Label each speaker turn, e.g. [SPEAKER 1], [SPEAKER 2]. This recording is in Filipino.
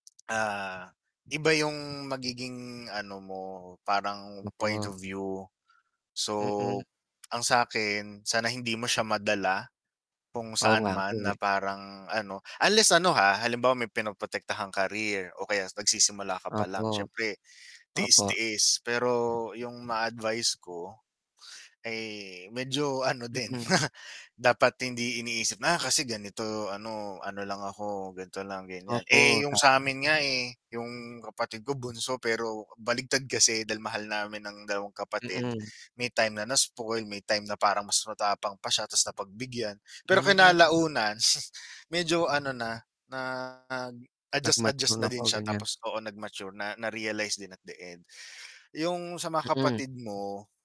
[SPEAKER 1] Ah, iba yung magiging ano mo, parang point
[SPEAKER 2] Nako.
[SPEAKER 1] of view.
[SPEAKER 2] Mm.
[SPEAKER 1] So ang sa'kin, sana hindi mo siya madala kung
[SPEAKER 2] Oo
[SPEAKER 1] saan
[SPEAKER 2] nga po
[SPEAKER 1] man, na
[SPEAKER 2] eh.
[SPEAKER 1] parang ano unless ano ha, halimbawa may pinoprotektahang career o kaya nagsisimula ka palang,
[SPEAKER 2] Opo.
[SPEAKER 1] syempre
[SPEAKER 2] Opo.
[SPEAKER 1] tiis-tiis. Pero yung ma-a-advice ko, eh, medyo ano din
[SPEAKER 2] Mm.
[SPEAKER 1] dapat hindi iniisip, "Ah, kasi ganito ano, ano lang ako, gan'to lang, ganyan."
[SPEAKER 2] Opo,
[SPEAKER 1] Eh yung
[SPEAKER 2] tama.
[SPEAKER 1] sa'min nga eh, yung kapatid ko bunso pero baligtad kasi dahil mahal namin ng dalawang kapatid,
[SPEAKER 2] Mm.
[SPEAKER 1] may time na na-spoil, may time na parang mas matapang pa siya tas napagbigyan, pero
[SPEAKER 2] Hmm.
[SPEAKER 1] kinalaunan medyo ano na, nag-adjust
[SPEAKER 2] Nag-mature
[SPEAKER 1] adjust na
[SPEAKER 2] na
[SPEAKER 1] din
[SPEAKER 2] po
[SPEAKER 1] siya
[SPEAKER 2] ganyan.
[SPEAKER 1] tapos, oo, nag-mature na, na-realize din at the end. Yung sa mga
[SPEAKER 2] Mm.
[SPEAKER 1] kapatid mo